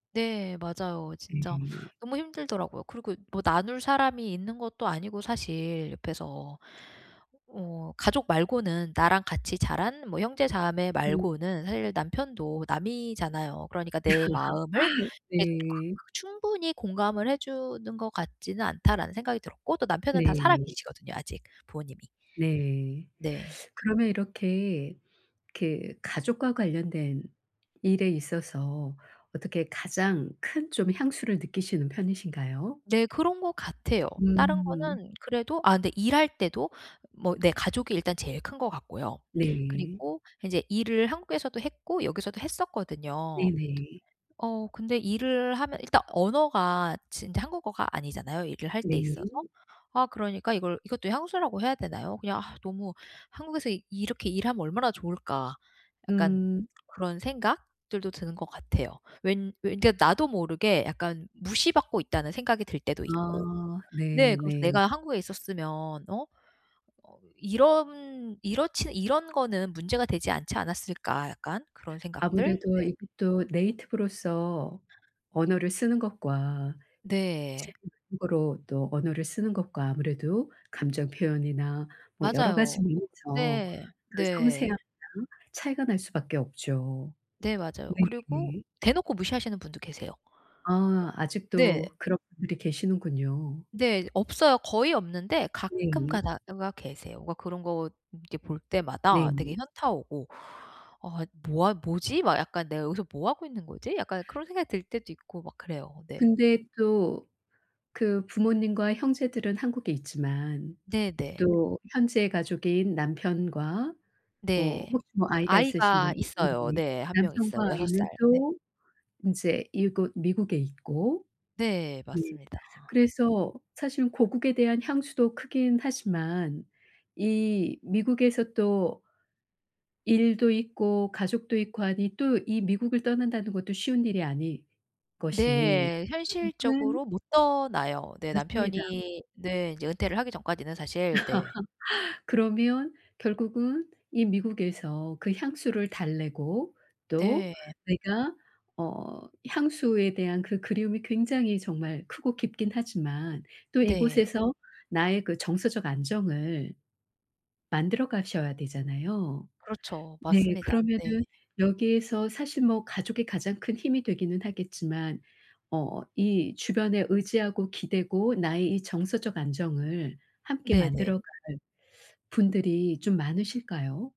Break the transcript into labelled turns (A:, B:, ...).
A: 네. 맞아요. 진짜
B: 네.
A: 너무 힘들더라고요. 그리고 뭐 나눌 사람이 있는 것도 아니고 사실 옆에서. 어 가족 말고는 나랑 같이 자란 뭐 형제자매
B: 음.
A: 말고는 사실 남편도 남이잖아요. 그러니까 '내 마음을 이렇게
B: 네.
A: 충분히 공감을 해 주는 것 같지는 않다.'라는 생각이 들었고 또 남편은 다 살아
B: 네.
A: 계시거든요 아직 부모님이.
B: 네.
A: 네.
B: 그러면 이렇게, 이렇게 가족과 관련된 일에 있어서 어떻게 가장 큰 좀 향수를 느끼시는 편이신가요?
A: 네. 그런 것 같아요. 다른
B: 음.
A: 거는 그래도 아 근데 일할 때도 뭐 내 가족이 일단 제일 큰 거 같고요.
B: 네.
A: 그리고 인제 일을 한국에서도 했고 여기서도 했었거든요.
B: 네네.
A: 어 근데 일을 하면 일단 언어가 지금 이제 한국어가 아니잖아요 일을 할 때
B: 네.
A: 있어서. 아 그러니까 이걸 이것도 향수라고 해야 되나요? 그냥 아 너무 '한국에서 이렇게 일하면 얼마나 좋을까?' 약간
B: 음.
A: 그런 생각들도 드는 것 같아요. 왠 왜 그러니까 나도 모르게 약간 '무시받고 있다.'는 생각이 들 때도 있고.
B: 아.
A: 네
B: 네.
A: 그래서
B: 네.
A: '내가 한국에 있었으면 어? 어으. 이런 이렇지는 이런 거는 문제가 되지 않지 않았을까?' 약간 그런 생각들?
B: 아무래도
A: 네.
B: 이게 또 네이티브로서 언어를 쓰는 것과 제
A: 네.
B: 2 외국어로 또 언어를 쓰는 것과 아무래도 감정 표현이나 뭐 여러 가지
A: 맞아요.
B: 면에서
A: 네.
B: 그
A: 네.
B: 섬세함이랑 차이가 날 수밖에 없죠.
A: 네 맞아요. 그리고
B: 네네.
A: 대놓고 무시하시는 분도 계세요.
B: 아.
A: 네.
B: 아직도 그런 분들이 계시는군요.
A: 네. 없어요. 거의 없는데 가끔
B: 네.
A: 가다가 계세요. 뭔가 그런 거 이렇게 볼 때마다 되게
B: 네.
A: 현타 오고 '아. 뭐 하 뭐지?' 막 약간 '내가 여기서 뭐 하고 있는 거지?' 약간 그런 생각이 들 때도 있고 막 그래요. 네.
B: 근데 또 그 부모님과 형제들은 한국에 있지만
A: 네네.
B: 또 현재의 가족인 남편과 뭐
A: 네.
B: 혹시 뭐 아이가 있으신가요?
A: 아이가
B: 음
A: 있어요.
B: 네.
A: 네. 1 명 있어요.
B: 남편과
A: 6 살.
B: 아이는
A: 네.
B: 또 인제 이곳 미국에 있고
A: 네.
B: 네.
A: 맞습니다.
B: 그래서 사실은 고국에 대한 향수도 크긴 하지만 이 미국에서 또 일도 있고 가족도 있고 하니 또 이 미국을 떠난다는 것도 쉬운 일이 아닐 것이니
A: 네.
B: 결국은
A: 현실적으로 못 떠나요. 네
B: 맞습니다.
A: 남편이 네. 이제 은퇴를 하기 전까지는 사실. 네.
B: 그러면 결국은 이 미국에서 그 향수를 달래고 또
A: 네.
B: 내가 어 향수에 대한 그 그리움이 굉장히 정말 크고 깊긴 하지만 또
A: 네.
B: 이곳에서 나의 그 정서적 안정을 만들어 가셔야 되잖아요.
A: 그렇죠.
B: 네.
A: 맞습니다. 네.
B: 그러면은 여기에서 사실 뭐 가족이 가장 큰 힘이 되기는 하겠지만 어 이 주변에 의지하고 기대고 나의 이 정서적 안정을 함께
A: 네네.
B: 만들어 갈 분들이 좀 많으실까요?